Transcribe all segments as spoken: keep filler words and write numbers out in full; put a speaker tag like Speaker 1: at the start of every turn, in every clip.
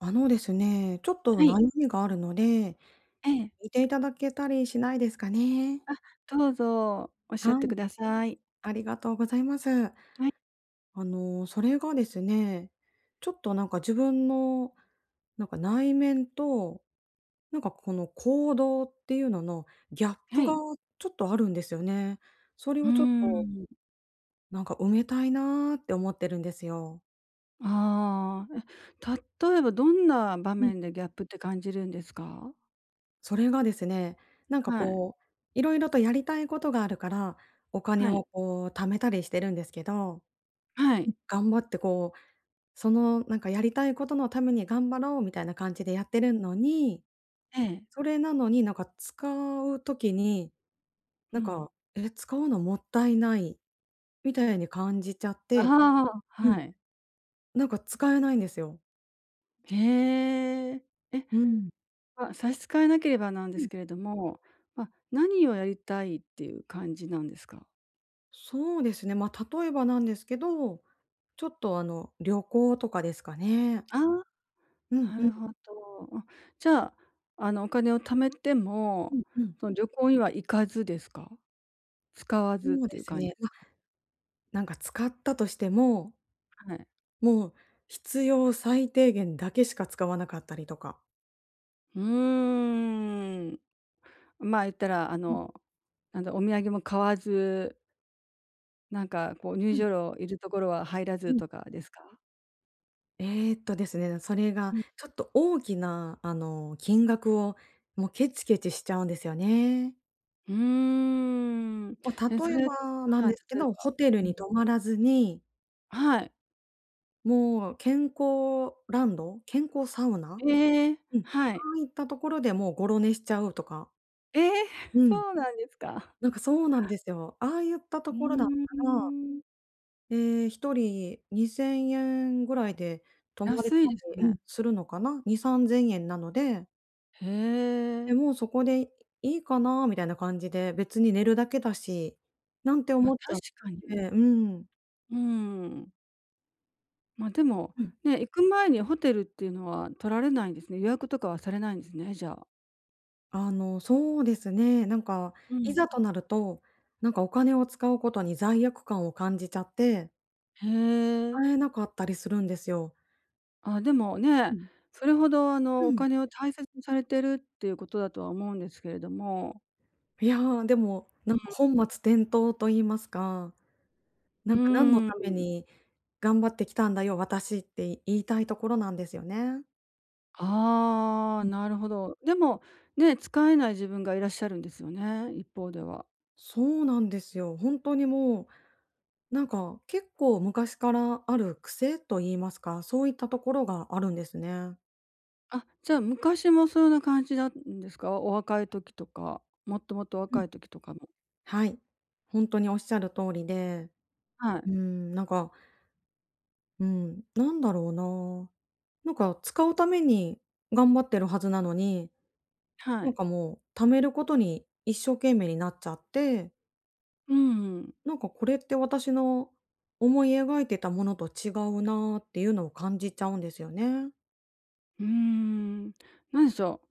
Speaker 1: あのですね、ちょっと
Speaker 2: は
Speaker 1: な
Speaker 2: い。
Speaker 1: いみがあるので、
Speaker 2: ええ。
Speaker 1: 聞いていただけたりしないですかね？
Speaker 2: あ、どうぞおっしゃっ
Speaker 1: は
Speaker 2: て
Speaker 1: い。
Speaker 2: ください。
Speaker 1: ありがとうございます。
Speaker 2: はい。
Speaker 1: あの、それがですね、ちょっと、なんか、自分のなんか、内面と、なんか、この行動っていうののギャップ
Speaker 2: は
Speaker 1: が、
Speaker 2: い。
Speaker 1: ちょっとあるんですよね。それ
Speaker 2: うー
Speaker 1: をちょっと
Speaker 2: ん。
Speaker 1: なんか、埋めたいなって思ってるんですよ。
Speaker 2: ああ、え、例えばどんな場
Speaker 1: うん。
Speaker 2: 面でギャップって感じるんですか？
Speaker 1: それがですね、なんか、
Speaker 2: はい。
Speaker 1: こう、色々とやりたいことがあるから、お金
Speaker 2: は
Speaker 1: を、
Speaker 2: い。
Speaker 1: こう、貯めたりしてるんですけど。
Speaker 2: は
Speaker 1: うん、
Speaker 2: い。
Speaker 1: 頑張ってこう、その、なんか、やりたいことのために頑張ろうみたいな感じでやってるんのに、
Speaker 2: ええ。
Speaker 1: それなのに、なんか、使う時に、
Speaker 2: う
Speaker 1: なん
Speaker 2: ん。
Speaker 1: か「え、使うのもったいない」みたいに感じちゃって。
Speaker 2: ああ、
Speaker 1: う
Speaker 2: は
Speaker 1: ん。
Speaker 2: い。
Speaker 1: なんか、使えないんですよ。
Speaker 2: へえ、え、
Speaker 1: うん。
Speaker 2: ま、差し支えなければなんで
Speaker 1: うん。
Speaker 2: すけれども、ま、何をやりたいっていう感じなんですか？
Speaker 1: そうですね。ま、例えばなんですけど、ちょっと、あの、旅行とかですかね。
Speaker 2: ああ、
Speaker 1: うんう
Speaker 2: なる
Speaker 1: ん。
Speaker 2: ほど。ん、じゃあ、あの、お金を貯めて
Speaker 1: う
Speaker 2: も、
Speaker 1: んうん。
Speaker 2: その、旅行には行かずですか？使わずっ
Speaker 1: そう
Speaker 2: てい
Speaker 1: で
Speaker 2: う
Speaker 1: す
Speaker 2: 感じ
Speaker 1: ね。
Speaker 2: す
Speaker 1: ま、
Speaker 2: か？
Speaker 1: なんか、使ったとしても
Speaker 2: はい。
Speaker 1: もう、必要最低限だけしか使わなかったりとか。
Speaker 2: うーん、ま、言ったら、あ
Speaker 1: うん。
Speaker 2: の、なんだ、お土産も買わずなんか、こう、入
Speaker 1: うん。
Speaker 2: 場料いるところは入ら
Speaker 1: う
Speaker 2: ず
Speaker 1: ん。
Speaker 2: とかですか？
Speaker 1: えっとですね、それが、
Speaker 2: ん。
Speaker 1: ちょっと大きな、あの、金額を、もうケチケチしちゃうんですよね。
Speaker 2: うーん。
Speaker 1: ま、
Speaker 2: え、そ
Speaker 1: 例え
Speaker 2: れ
Speaker 1: ばなん
Speaker 2: はい、
Speaker 1: ですけ
Speaker 2: 例え
Speaker 1: ど、
Speaker 2: ば、
Speaker 1: ホテル
Speaker 2: う
Speaker 1: に
Speaker 2: ん。
Speaker 1: 泊まらずに
Speaker 2: はい。
Speaker 1: もう、健康ランド？健康サウナ？
Speaker 2: ええ、
Speaker 1: うん、そ
Speaker 2: はい。
Speaker 1: ういったところでもう、ゴロ寝しちゃうとか。
Speaker 2: え、
Speaker 1: うん、
Speaker 2: そうなんですか？
Speaker 1: なんか、そうなんですよ、ああゆった
Speaker 2: う
Speaker 1: ところだっ
Speaker 2: ー
Speaker 1: たら、
Speaker 2: ん。
Speaker 1: え、ひとりにせんえんぐらいで泊まれた
Speaker 2: 安いです
Speaker 1: りうん、
Speaker 2: ね。
Speaker 1: するのかな？にさんぜんえんなので
Speaker 2: へ
Speaker 1: で、
Speaker 2: え。
Speaker 1: もうそこでいいかなみたいな感じで、別に寝るだけだし、なんて
Speaker 2: ま、
Speaker 1: 思っちゃ
Speaker 2: 確
Speaker 1: っ
Speaker 2: か
Speaker 1: て
Speaker 2: に。
Speaker 1: うん。
Speaker 2: うーん。ま、でも、
Speaker 1: うん。
Speaker 2: ね、行く前にホテルっていうのは取られないんですね。予約とかはされないんですね、じゃあ。
Speaker 1: あの、そうですね、なんか、
Speaker 2: う
Speaker 1: いざ
Speaker 2: ん。
Speaker 1: となると、なんか、お金を使うことに罪悪感を感じちゃって
Speaker 2: へえ。
Speaker 1: 使えなかったりするんですよ。
Speaker 2: あ、でも、
Speaker 1: う
Speaker 2: ね、
Speaker 1: ん。
Speaker 2: それほど、あ
Speaker 1: う
Speaker 2: の、お
Speaker 1: ん。
Speaker 2: 金を大切にされているっていうことだとは思うんですけれども。
Speaker 1: いや、でも、
Speaker 2: う
Speaker 1: なんか、本
Speaker 2: ー
Speaker 1: 末
Speaker 2: ん。
Speaker 1: 転倒と言いますか。
Speaker 2: う
Speaker 1: なんか、「何の
Speaker 2: ー
Speaker 1: ため
Speaker 2: ん。
Speaker 1: に頑張ってきたんだよ、私」って言いたいところなんですよね。
Speaker 2: ああ、
Speaker 1: うん。
Speaker 2: なるほど。でも、ね、使えない自分がいらっしゃるんですよね、一方では。
Speaker 1: そうなんですよ。ほんとにもう、なんか、結構昔からある癖と言いますか、そういったところがあるんですね。
Speaker 2: あ、じゃ、昔もそんな感じだんですか？お若い時とか、もっともっと
Speaker 1: う
Speaker 2: 若
Speaker 1: ん。
Speaker 2: い時とかも。
Speaker 1: はい。ほんとに仰る通りで。
Speaker 2: はい。
Speaker 1: うーん、なんかうーん、なんだろうな。なんか、使うために頑張ってるはずなのに、
Speaker 2: は
Speaker 1: なん
Speaker 2: い。
Speaker 1: か、もう、貯めることに一生懸命になっちゃって。
Speaker 2: うん。
Speaker 1: なんか、これって私の思い描いてたものと違うな、っていうのを感じちゃうんですよね。
Speaker 2: うん。なんでしょ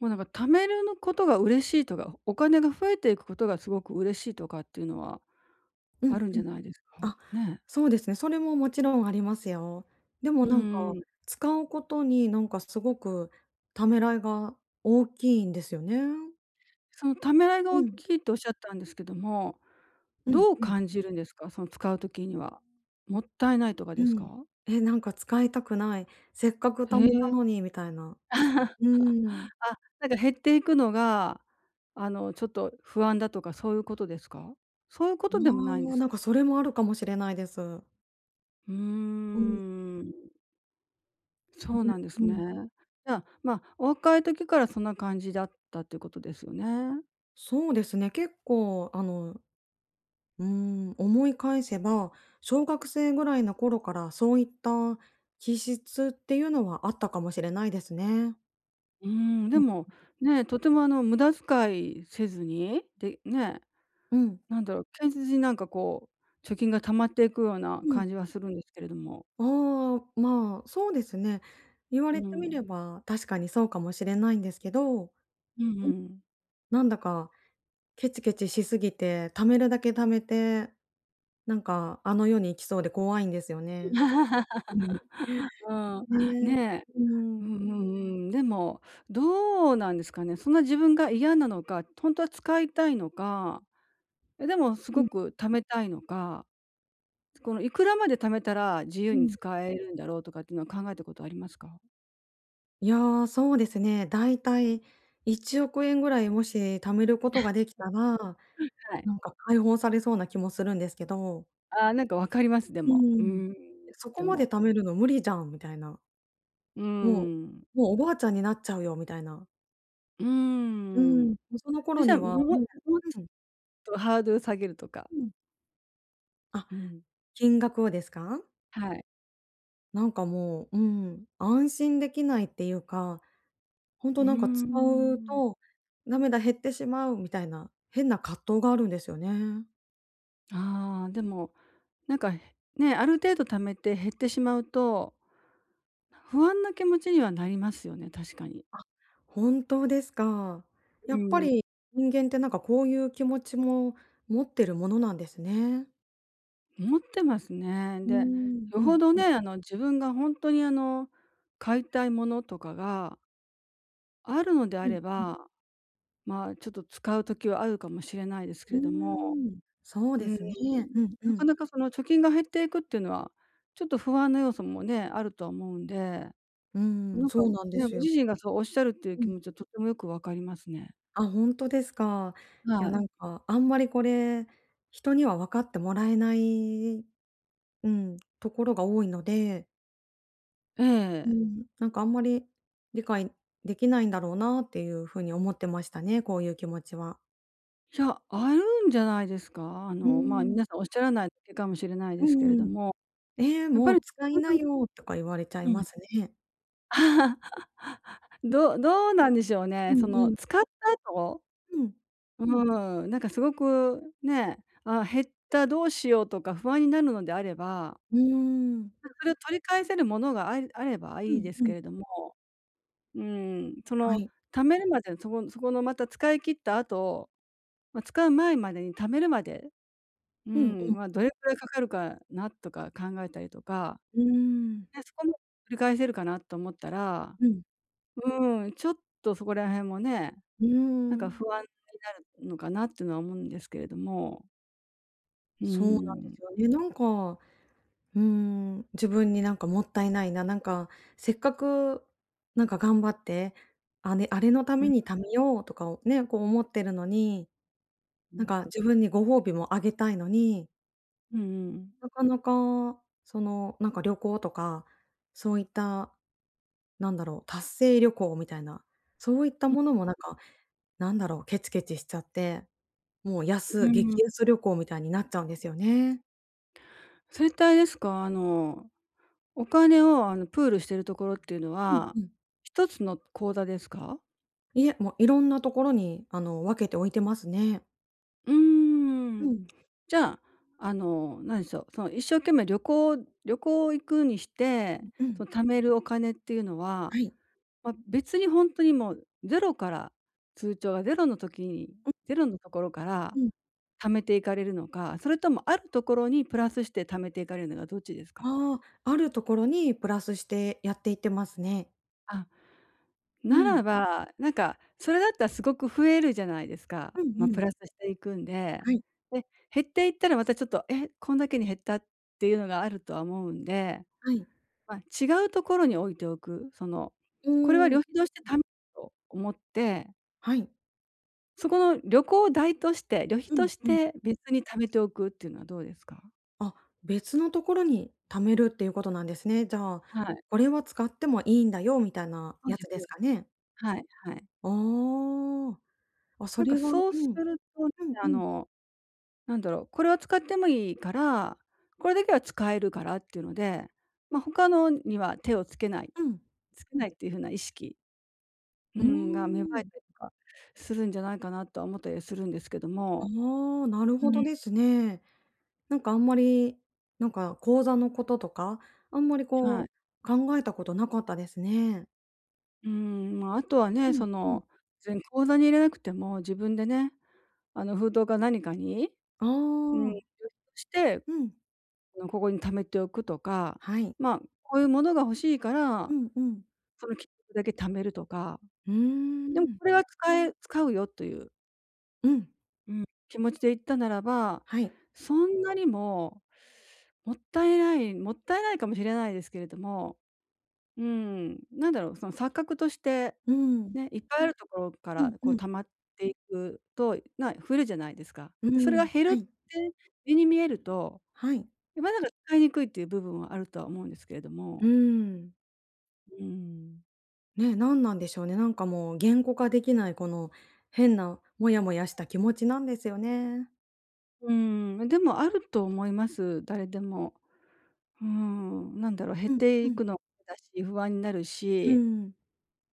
Speaker 2: う。もうなんか、貯めるのことが嬉しいとか、お金が増えていくことがすごく嬉しいとかっていうのは、
Speaker 1: うんう
Speaker 2: あ
Speaker 1: ん。
Speaker 2: るんじゃないですか？
Speaker 1: あ、
Speaker 2: ね。
Speaker 1: そうですね。それももちろんありますよ。で
Speaker 2: う
Speaker 1: も、なん
Speaker 2: ー
Speaker 1: か、
Speaker 2: ん。
Speaker 1: 使うことに、なんか、すごくためらいが大きいんですよね。
Speaker 2: そのためらいが
Speaker 1: う
Speaker 2: 大
Speaker 1: ん。
Speaker 2: きいと仰ったんですけども、
Speaker 1: うん
Speaker 2: どう
Speaker 1: うん。
Speaker 2: 感じるんですか。その使う時には。もったいないとか
Speaker 1: う
Speaker 2: です
Speaker 1: ん。
Speaker 2: か？
Speaker 1: え、なんか、使いたくない。せっかく
Speaker 2: へ
Speaker 1: 貯
Speaker 2: え。
Speaker 1: めたのに、みたいな。うーん。
Speaker 2: あ、なんか減っていくのが、あの、ちょっと不安だとかそういうことですか？そういうことでもないん
Speaker 1: う
Speaker 2: で
Speaker 1: わ。
Speaker 2: す
Speaker 1: なん
Speaker 2: か？
Speaker 1: か、それもあるかもしれないです。
Speaker 2: う
Speaker 1: うん。
Speaker 2: ーん。
Speaker 1: ね、
Speaker 2: そうなんです
Speaker 1: う
Speaker 2: ね。
Speaker 1: ん。
Speaker 2: じゃ、まあ、お若い時からそんな感じだったということですよね。
Speaker 1: そうですね。結構あの、うん。思い返せば、小学生ぐらいの頃から、そういった気質っていうのはあったかもしれないですね。
Speaker 2: うーん、で
Speaker 1: うん。
Speaker 2: も、ね、とても、あの、無駄遣いせずに、で、ね、
Speaker 1: うん。
Speaker 2: なんだろう、堅実に、なんか、こう、貯金が貯まっていくような、
Speaker 1: うん。
Speaker 2: 感じはするんですけれども。
Speaker 1: ああ、まあ、そうですね。言わ
Speaker 2: うー
Speaker 1: れてみれ
Speaker 2: ん。
Speaker 1: ば、確かにそうかもしれないんですけど。
Speaker 2: うん
Speaker 1: うん。
Speaker 2: うん。
Speaker 1: なんだかケチケチしすぎて、貯めるだけ貯めて、なんか、あの世に行きそうで怖いんですよね。うん。ね、
Speaker 2: うーん、ね。
Speaker 1: うー
Speaker 2: うん
Speaker 1: ん。
Speaker 2: うんうん。でも、どうなんですかね。そんな自分が嫌なのか、とんとは使いたいのか。でも、す
Speaker 1: う
Speaker 2: ご
Speaker 1: ん。
Speaker 2: く貯めたいのか。つこの、いくらまで貯めたら、自由
Speaker 1: う
Speaker 2: に
Speaker 1: ん。
Speaker 2: 使えるんだろう、とかっていうのは考えたことありますか？
Speaker 1: いや、そうですね。だいたいいちおくえんぐらい、もし貯めることができたら、
Speaker 2: はい。
Speaker 1: なんか、解放されそうな気もするんですけど。
Speaker 2: ああ、なんか分かります、で
Speaker 1: う
Speaker 2: も。
Speaker 1: ー
Speaker 2: う-
Speaker 1: ん。
Speaker 2: ん、
Speaker 1: や、そこ
Speaker 2: で
Speaker 1: まで
Speaker 2: も。
Speaker 1: 貯めるの無理じゃんみたいな。
Speaker 2: うー
Speaker 1: もう
Speaker 2: ん。
Speaker 1: もう、おばあちゃんになっちゃうよ、みたいな。
Speaker 2: うー
Speaker 1: うーん。
Speaker 2: ん。
Speaker 1: で、その
Speaker 2: そ
Speaker 1: 頃
Speaker 2: した
Speaker 1: に
Speaker 2: らも
Speaker 1: は、ね。
Speaker 2: うもうち
Speaker 1: うん。
Speaker 2: ょっとハードル下げるとか。
Speaker 1: うん。あ、
Speaker 2: うん。
Speaker 1: 金額をですか？
Speaker 2: はい。
Speaker 1: なんか、もう、うーん、安心できないっていうか、ほん
Speaker 2: う
Speaker 1: と、
Speaker 2: ー
Speaker 1: なんか、使う
Speaker 2: ん。
Speaker 1: と、「だめだ、減ってしまう」みたいな変な葛藤があるんですよね。
Speaker 2: ああ、でも、なんか、ね、ある程度貯めて減ってしまうと、不安な気持ちにはなりますよね、確かに。
Speaker 1: あ、本当ですか。や
Speaker 2: う
Speaker 1: っぱ
Speaker 2: ーん。
Speaker 1: り人間ってなんか、こういう気持ちも持ってるものなんですね。
Speaker 2: 持ってますね。
Speaker 1: うー
Speaker 2: で、
Speaker 1: ん。
Speaker 2: よ
Speaker 1: う
Speaker 2: ほ
Speaker 1: ん
Speaker 2: ど
Speaker 1: う
Speaker 2: ね、
Speaker 1: ん。
Speaker 2: あの、自分がほんとに、あの、買いたいものとかがあるのであ
Speaker 1: うん
Speaker 2: れ
Speaker 1: うん。
Speaker 2: ば、ま、ちょっと使う時はあるかもしれないですけ
Speaker 1: うー
Speaker 2: れども。
Speaker 1: ん。そう
Speaker 2: う
Speaker 1: で
Speaker 2: ーん、
Speaker 1: すね。うんう
Speaker 2: なか
Speaker 1: ん。
Speaker 2: なか、その貯金が減っていくってのは、ちょっと不安の要素もね、あるとは思うんで。
Speaker 1: うーん、
Speaker 2: なんか、
Speaker 1: そうなんで
Speaker 2: ね、ご
Speaker 1: すよ。
Speaker 2: 自身がそうおっしゃるっていう
Speaker 1: う
Speaker 2: 気
Speaker 1: ん。
Speaker 2: 持ちはとてもよくわかりますね。
Speaker 1: あ、ほんとですか。
Speaker 2: は
Speaker 1: や、な
Speaker 2: い。
Speaker 1: んか、あんまりこれ、人には分かってもらえない、うん、ところが多いので。
Speaker 2: え
Speaker 1: う
Speaker 2: え。
Speaker 1: ん。なんかあんまり、理解できないんだろうなっていうふうに思ってましたね。こういう気持ちは。
Speaker 2: いや。あるんじゃないですか。あ
Speaker 1: う
Speaker 2: の、まあ、
Speaker 1: ん。
Speaker 2: 皆さんおっしゃらないだけかもしれない
Speaker 1: う
Speaker 2: ですけ
Speaker 1: ん
Speaker 2: れ
Speaker 1: う
Speaker 2: ど
Speaker 1: ん。
Speaker 2: も。
Speaker 1: 「え、
Speaker 2: やっぱ
Speaker 1: も
Speaker 2: り
Speaker 1: う使い
Speaker 2: ほんと
Speaker 1: な
Speaker 2: に
Speaker 1: よ」とか言われちゃい
Speaker 2: う
Speaker 1: ま
Speaker 2: ん。
Speaker 1: すね。うん。
Speaker 2: どうどうなんでしょう
Speaker 1: う
Speaker 2: ね、
Speaker 1: ん
Speaker 2: そ
Speaker 1: う
Speaker 2: の
Speaker 1: ん。
Speaker 2: 使った後。
Speaker 1: うん。
Speaker 2: うーん、なんかすごくね。あ、減った。どうしよう。とか不安になるのであれば
Speaker 1: うーん。
Speaker 2: なんか、それを取り返せるものがあれあれば
Speaker 1: う
Speaker 2: いい
Speaker 1: ん
Speaker 2: です
Speaker 1: う
Speaker 2: け
Speaker 1: ん。
Speaker 2: れども。うん。そ
Speaker 1: は
Speaker 2: の
Speaker 1: い。
Speaker 2: 貯めるまでに、そこそこのまた使い切った後、ま、使う前までに貯めるまで。う
Speaker 1: うん
Speaker 2: ん、
Speaker 1: うん。
Speaker 2: ま、どれくらいかかるかなとか考えたりとか。
Speaker 1: うーん。
Speaker 2: で、そこはもう、取り返せるかなと思ったら、
Speaker 1: うん。
Speaker 2: うーん、ちょっとそこら辺もね、
Speaker 1: うー
Speaker 2: なんか
Speaker 1: ん。
Speaker 2: 不安になるのかなっていうのは思うんですけれども。う
Speaker 1: そうなんで
Speaker 2: ん。
Speaker 1: すよね。なんか、うん。自分に、なんかもったいないな。なんか、せっかくなんか頑張って、あねあれのた
Speaker 2: う
Speaker 1: め
Speaker 2: ん。
Speaker 1: に貯めようとかをね、こう思ってるのに。
Speaker 2: う
Speaker 1: なん
Speaker 2: ん。
Speaker 1: か自分にご褒美もあげたいのに。
Speaker 2: うんうんうん。
Speaker 1: なかなか、その、なんか旅行とか、そういった、なんだろう。達成旅行みたいな、そういった
Speaker 2: ふん。
Speaker 1: ものもなんか、なんだろう。ケチケチしちゃって、もう
Speaker 2: う
Speaker 1: 安
Speaker 2: ん。
Speaker 1: 激安旅行みたいになっちゃうんですよね。
Speaker 2: それってあれですか。あの、お金をあのプールしているところっていうの
Speaker 1: うん
Speaker 2: は、
Speaker 1: うん。
Speaker 2: ひとつの口座ですか？
Speaker 1: いえ、もう色んなところに、あの、分けて置いてますね。
Speaker 2: うー
Speaker 1: う
Speaker 2: ん。
Speaker 1: ん。
Speaker 2: じゃ、あの、何でしょう。その一生懸命旅行旅行行くにして、
Speaker 1: うんう
Speaker 2: そ
Speaker 1: ん。
Speaker 2: の貯めるお金っていうの
Speaker 1: は
Speaker 2: は、
Speaker 1: い。
Speaker 2: ま、別にほんとにもうゼロから、通帳がゼロの時に、
Speaker 1: うん。
Speaker 2: ゼロのところから
Speaker 1: うん。
Speaker 2: 貯めていかれるのか、それともあるところにプラスして貯めていかれるのか、どっちですか？
Speaker 1: ああ、あるところに、プラスしてやっていってますね。
Speaker 2: あ、
Speaker 1: う
Speaker 2: な
Speaker 1: ん。
Speaker 2: らば、なんか、それだったらすごく増えるじゃないですか。
Speaker 1: う
Speaker 2: ま、
Speaker 1: んう
Speaker 2: プ
Speaker 1: ん。
Speaker 2: ラスしていくんで。
Speaker 1: はい。
Speaker 2: で、減っていったら、またちょっと、え、こんだけに減ったっていうのがあるとは思うんで。
Speaker 1: はい。
Speaker 2: ま、違うところに置いておく。その、
Speaker 1: う
Speaker 2: これは
Speaker 1: ー
Speaker 2: 旅
Speaker 1: ん。
Speaker 2: 費としてたと思って。
Speaker 1: はい。
Speaker 2: そこの旅行代として、旅費
Speaker 1: う
Speaker 2: と
Speaker 1: ん
Speaker 2: し
Speaker 1: うん。
Speaker 2: て別に貯めておくっていうのはどうですか？
Speaker 1: あ、別のところに貯めるっていうことなんですね。じゃあ、
Speaker 2: はい。
Speaker 1: これは使ってもいいんだよみたいな
Speaker 2: そう
Speaker 1: や
Speaker 2: で
Speaker 1: つ
Speaker 2: すそ
Speaker 1: で
Speaker 2: う
Speaker 1: す
Speaker 2: で
Speaker 1: か
Speaker 2: す。
Speaker 1: ね。
Speaker 2: はいはい。
Speaker 1: ああ。あ、そ
Speaker 2: なんか
Speaker 1: れは、う
Speaker 2: そうす
Speaker 1: ん。
Speaker 2: ると、
Speaker 1: うんう
Speaker 2: あ
Speaker 1: ん。
Speaker 2: の、なんだろう、これは使ってもいいから、これだけは使えるからっていうので、ま、他のには手をつけない
Speaker 1: うん。
Speaker 2: つけないっていう風な意識う
Speaker 1: うー
Speaker 2: ん、が、芽生え
Speaker 1: ん。
Speaker 2: たりとかするんじゃないかなとは思ったりはするんですけども。
Speaker 1: ああ、なる
Speaker 2: う
Speaker 1: ほど
Speaker 2: ん。
Speaker 1: ですね。なんか、あんまり、なんか口座のこととか、あんまり
Speaker 2: は
Speaker 1: こ
Speaker 2: い。
Speaker 1: う考えたことなかったですね。
Speaker 2: うーん、ま、あとはね、
Speaker 1: う
Speaker 2: そ
Speaker 1: んうん。
Speaker 2: の、ぜん口座に入れなくても自分でね、あの封筒か何かに、
Speaker 1: あ
Speaker 2: うん、
Speaker 1: あ。
Speaker 2: して、
Speaker 1: うん。
Speaker 2: あのここに貯めておくとか、
Speaker 1: はい。
Speaker 2: ま、こういうものが欲しいか
Speaker 1: う
Speaker 2: ら、
Speaker 1: んうん。
Speaker 2: その金額だけ貯めるとか。
Speaker 1: うー
Speaker 2: でも
Speaker 1: ん。
Speaker 2: これは使え使うよという。
Speaker 1: うん。
Speaker 2: うん、気持ちで言ったならば、
Speaker 1: はい。
Speaker 2: そんなにも、もったいないもったいないかもしれないですけれども、うーん、なんだろう、その錯覚として、
Speaker 1: うーん。
Speaker 2: ね、いっぱいあるところか
Speaker 1: う
Speaker 2: ら
Speaker 1: ん
Speaker 2: こ
Speaker 1: う
Speaker 2: う
Speaker 1: ん。
Speaker 2: 溜まっていくと、な増えるじゃないですか。
Speaker 1: う
Speaker 2: で、それが
Speaker 1: ん。
Speaker 2: 減る
Speaker 1: は
Speaker 2: って
Speaker 1: い。
Speaker 2: 目に見えると、
Speaker 1: はい。
Speaker 2: え、まだる、かいにくいっていう部分はあるとは思うんですけれど
Speaker 1: うー
Speaker 2: も
Speaker 1: ん。
Speaker 2: うん。
Speaker 1: ね、なんなんでしょうね。なんかもう言語化できない、この変なモヤモヤした気持ちなんですよね。
Speaker 2: うーん。めでもあると思います。誰でも。ふん。何だろ、減っ
Speaker 1: うん
Speaker 2: て
Speaker 1: う
Speaker 2: い
Speaker 1: ん。
Speaker 2: くのでだし、不安になる
Speaker 1: う
Speaker 2: し
Speaker 1: ん。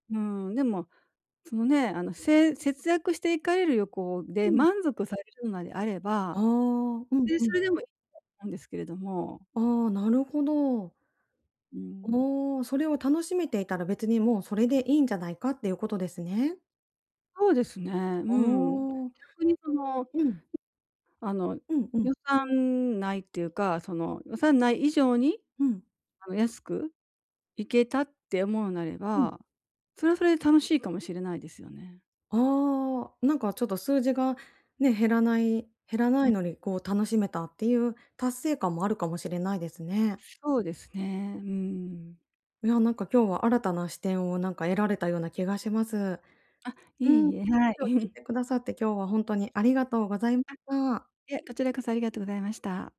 Speaker 2: うーん、でも、そのね、あの、せえ節約していかれるよこう
Speaker 1: う
Speaker 2: で、
Speaker 1: ん。
Speaker 2: 満足されるなであれ
Speaker 1: ああ、
Speaker 2: ば、
Speaker 1: うん、
Speaker 2: で、
Speaker 1: う
Speaker 2: そ
Speaker 1: ん。
Speaker 2: れでも [unintelligible] なんですけれども。
Speaker 1: ああ、なるほど。
Speaker 2: うん。
Speaker 1: お、それを楽しめていたら別にもうそれでいいんじゃないかっていうことですね。
Speaker 2: そうですね。う
Speaker 1: あ
Speaker 2: ん。
Speaker 1: あ。
Speaker 2: 逆に、その、
Speaker 1: うん。
Speaker 2: あの、
Speaker 1: うんうん。
Speaker 2: 予算内っていうか、その予算内以上に、
Speaker 1: うん。
Speaker 2: あの、安く行けたって思うなれ
Speaker 1: うん。
Speaker 2: ば、それはそれで楽しいかもしれないですよね。
Speaker 1: ああ、なんかちょっと数字がね、減らない減らな
Speaker 2: う
Speaker 1: い
Speaker 2: ん。
Speaker 1: のにこう楽しめたっていう達成感もあるかもしれないですね。
Speaker 2: そうですね、うーん。
Speaker 1: いや、なんか今日は新たな視点をなんか得られたような気がします。う
Speaker 2: あ、いえ
Speaker 1: ん。
Speaker 2: いえ、はい。
Speaker 1: 今日聞い てくださって、今日は本当にありがとうござい
Speaker 2: あ、い
Speaker 1: た。
Speaker 2: え、こちらこそありがとうございました。